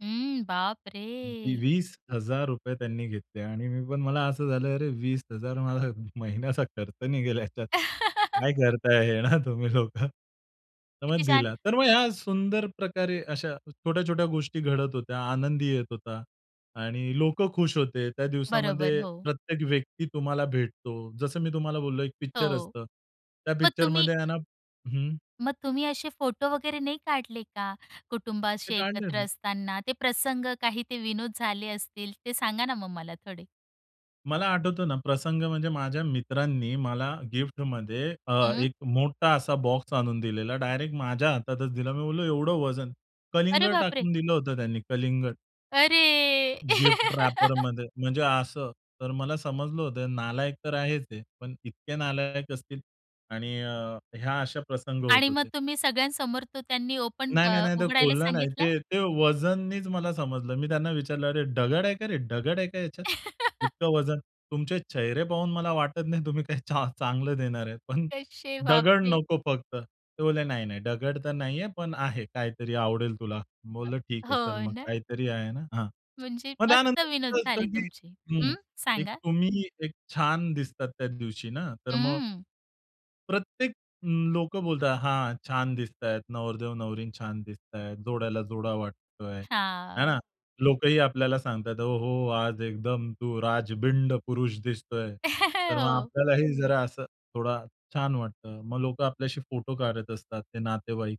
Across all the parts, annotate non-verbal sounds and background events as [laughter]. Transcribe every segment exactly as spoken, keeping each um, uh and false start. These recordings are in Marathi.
हं. [unintelligible] बापरे! वीस हजार रुपये त्यांनी घेतले आणि मी पण मला असं झालं, "अरे वीस हजार रुपये मला महिन्याचा खर्च निघेल ह्याच्यात. [chuckles] काय करताय हे ना तुम्ही लोकं?" तर मग किती छान. दिला. तर मग या सुंदर प्रकारे अशा छोट्या-छोट्या गोष्टी घडत होत्या, आनंदही येत होता आणि लोकं खुश होते. त्या बरोबर. दिवसामध्ये हो. प्रत्येक व्यक्ती तुम्हाला भेटतो. जसं मी तुम्हाला बोललो एक पिक्चर हो, असतं. त्या मग तुम्ही पिक्चरमध्ये आहे ना हं. मग तुम्ही असे फोटो वगैरे नाही काढले का? कुटुंब ते असे काढलं एकत्र ना. असताना ते प्रसंग, काही ते विनोद झाले असतील. ते सांगा ना मग मला थोडे. मला आठवतं ना, प्रसंग म्हणजे माझ्या मित्रांनी मला गिफ्टमध्ये अ, हं. एक मोठा असा बॉक्स आणून दिलेला डायरेक्ट माझ्या हातातच दिला. मी बोललो एवढं वजन अरे कलिंगड बापरे! टाकून दिलं होतं त्यांनी कलिंगड. अरे. गिफ्ट [laughs] रॅपरमध्ये म्हणजे असं. तर मला समजलं होतं नालायक तर आहेच हे पण इतके नालायक असतील आणि ह्या अशा प्रसंग होत आणि मग होते. तुम्ही सगळ्यांसमोर तो त्यांनी ओपन नाही, नाही, अ, नाही, ते उघडायला खोलला नाही. सांगितला. ते ते वजननीच मला समजलं. मी त्यांना विचारलं, "अरे डगड आहे का रे डगड आहे का याच्यात? [chuckles] इतकं वजन, तुमचे चेहरे पाहून मला वाटत नाही तुम्ही काही चा चांगलं देणार आहेत, पण कसे डगड बापरे! नको फक्त." ते बोलले, "नाही, नाही, डगड तर नाहीये, पण आहे काहीतरी आवडेल तुला." मी बोललो, "ठीक आहे, चल हो मग ना. काहीतरी आहे ना." हां. म्हणजे मग मस्त त्यानंतर विनोद [unintelligible] झाले कधी तुमचे. हं. हं, की सांगा. तुम्ही एक छान दिसतात त्या दिवशी ना तर मग हं. प्रत्येक लोकं बोलतात, "हां, छान दिसतायत, नवरदेव नवरी छान दिसतायत, जोड्याला जोडा वाटतोय," हां ना हां. लोकंही आपल्याला सांगताहेत, "ओहो! आज एकदम तू राजबिंड पुरुष दिसतोय." [chuckles] तर मग हो. आपल्यालाही जरा असं थोडा छान वाटतं. मग लोकं आपल्याशी फोटो काढत असतात ते नातेवाईक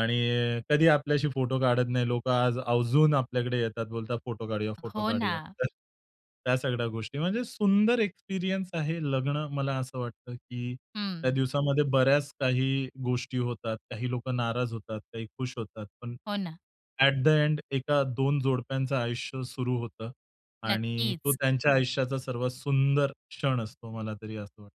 आणि कधीही आपल्याशी फोटो काढत नाही. लोकं आज आवर्जून आपल्याकडे येतात बोलतात, "फोटो काढूया, फोटो हो काढूया." ना. तर त्या सगळ्या गोष्टी म्हणजे, सुंदर एक्सपिरियन्स आहे लग्न मला असं वाटतं, की त्या हं. दिवसामध्ये बऱ्याच काही गोष्टी होतात, काही लोकं नाराज होतात, काही खुश होतात. पण, हो ना. अ‍ॅट द एंड एका दोन जोडप्यांचं आयुष्य सुरू होतं आणि तो नक्कीच. त्यांच्या आयुष्याचा सर्वात सुंदर क्षण असतो. मला तरी असं वाटतं.